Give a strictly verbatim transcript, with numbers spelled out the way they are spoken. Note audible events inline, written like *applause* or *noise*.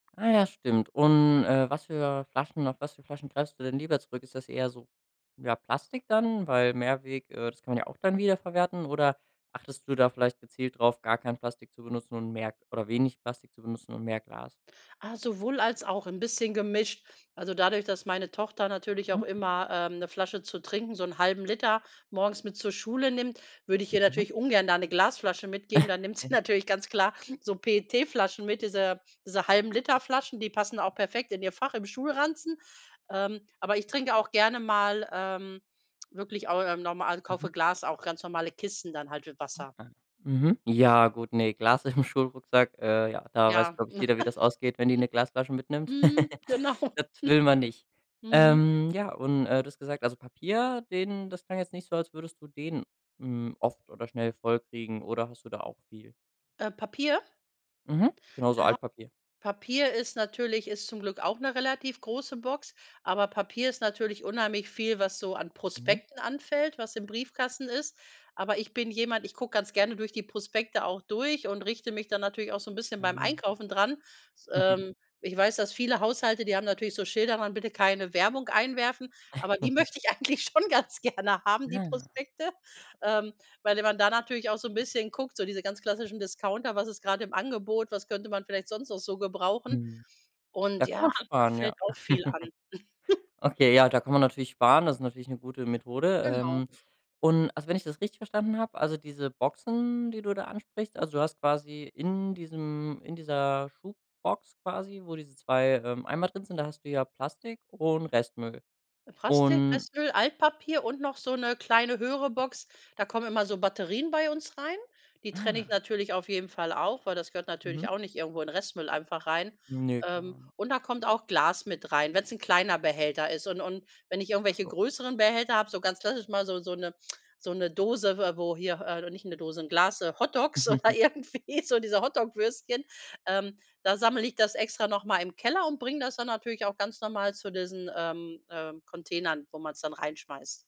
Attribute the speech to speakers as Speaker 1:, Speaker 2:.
Speaker 1: Ah ja, stimmt. Und, äh, was für Flaschen auf was für Flaschen greifst du denn lieber zurück? Ist das eher so, ja, Plastik dann, weil Mehrweg, äh, das kann man ja auch dann wieder verwerten oder achtest du da vielleicht gezielt drauf, gar kein Plastik zu benutzen und mehr oder wenig Plastik zu benutzen und mehr Glas?
Speaker 2: Ah, sowohl als auch, 'n bisschen gemischt. Also, dadurch, dass meine Tochter natürlich auch
Speaker 1: Mhm.
Speaker 2: immer, ähm, 'ne Flasche zu trinken, so 'n halben Liter morgens mit zur Schule nimmt, würde ich ihr
Speaker 1: Mhm.
Speaker 2: natürlich ungern da 'ne Glasflasche mitgeben. Dann nimmt sie natürlich ganz klar
Speaker 1: *chuckles*
Speaker 2: so PET-Flaschen mit, diese diese halben Liter-Flaschen, die passen auch perfekt in ihr Fach im Schulranzen. Ähm, aber ich trinke auch gerne mal, ähm, wirklich auch im norm also, kaufe
Speaker 1: Mhm.
Speaker 2: Glas auch ganz normale Kisten dann halt mit Wasser.
Speaker 1: Aha. Mhm, ja gut, ne, Glas im Schulrucksack, äh, ja, da weiß,
Speaker 2: Ja.
Speaker 1: glaube ich, jeder, wie das ausgeht, wenn die 'ne Glasflasche
Speaker 2: *chuckles*
Speaker 1: mitnimmt.
Speaker 2: Mhm.
Speaker 1: *chuckles*
Speaker 2: Genau. *chuckles*
Speaker 1: Das will man nicht.
Speaker 2: Mhm.
Speaker 1: Ähm, ja, und äh, du hast gesagt, also, Papier, den das klang jetzt nicht so, als würdest du den, hm, oft oder schnell voll kriegen oder hast du da auch viel?
Speaker 2: Äh, Papier?
Speaker 1: Mhm. Genau, so
Speaker 2: Ah.
Speaker 1: Altpapier.
Speaker 2: Papier ist natürlich ist zum Glück auch 'ne relativ große Box, aber Papier ist natürlich unheimlich viel, was so an
Speaker 1: Mhm.
Speaker 2: Prospekten anfällt, was im Briefkasten ist. Aber ich bin jemand, ich gucke ganz gerne durch die Prospekte auch durch und richte mich dann natürlich auch so 'n bisschen beim
Speaker 1: Ah.
Speaker 2: Einkaufen dran. S
Speaker 1: *chuckles*
Speaker 2: ähm, ich weiß, dass viele Haushalte, die haben natürlich so Schilder dran: „Bitte keine Werbung einwerfen.“ aber die
Speaker 1: *giggles*
Speaker 2: möchte ich eigentlich schon ganz gerne haben, die
Speaker 1: Ah.
Speaker 2: Prospekte, ähm, weil d man da natürlich auch so 'n bisschen guckt, so diese ganz klassischen Discounter, was ist gerade im Angebot, was könnte man vielleicht sonst noch so gebrauchen?
Speaker 1: Mhm. Da
Speaker 2: Und
Speaker 1: kann
Speaker 2: ja,
Speaker 1: man
Speaker 2: da
Speaker 1: sparen, ja.
Speaker 2: fällt auch viel
Speaker 1: *chuckles*
Speaker 2: an. *chuckles*
Speaker 1: Okay, ja, da kann man natürlich sparen, das ist natürlich 'ne gute Methode.
Speaker 2: Genau.
Speaker 1: Ähm, und, also, wenn ich das richtig verstanden habe, also, diese Boxen, die du da ansprichst, also, du hast quasi in diesem in dieser Schubbox quasi, wo diese zwei, ähm, Eimer drin sind, da hast du ja Plastik und Restmüll
Speaker 2: Äh, Prastik,
Speaker 1: und
Speaker 2: Restmüll, Altpapier und noch so 'ne kleine, höhere Box. Da kommen immer so Batterien bei uns rein. Die trenne ich
Speaker 1: Ah.
Speaker 2: natürlich auf jeden Fall auch, weil das gehört
Speaker 1: Mhm.
Speaker 2: natürlich auch nicht irgendwo in Restmüll einfach rein.
Speaker 1: Ne.
Speaker 2: Ähm,
Speaker 1: *unintelligible*
Speaker 2: und da kommt auch Glas mit rein, wenn's 'n kleiner Behälter ist. Und und wenn ich
Speaker 1: Ach
Speaker 2: irgendwelche
Speaker 1: so.
Speaker 2: größeren Behälter habe, so ganz klassisch mal so so 'ne so 'ne Dose, w wo hier äh, nicht 'ne Dose, 'n Glas, äh, Hotdogs oder
Speaker 1: *chuckles*
Speaker 2: irgendwie, so diese Hotdog-Würstchen, ähm, da sammle ich das extra noch mal im Keller und bringe das dann natürlich auch ganz normal zu diesen, ähm, äh, Containern, wo man's dann reinschmeißt.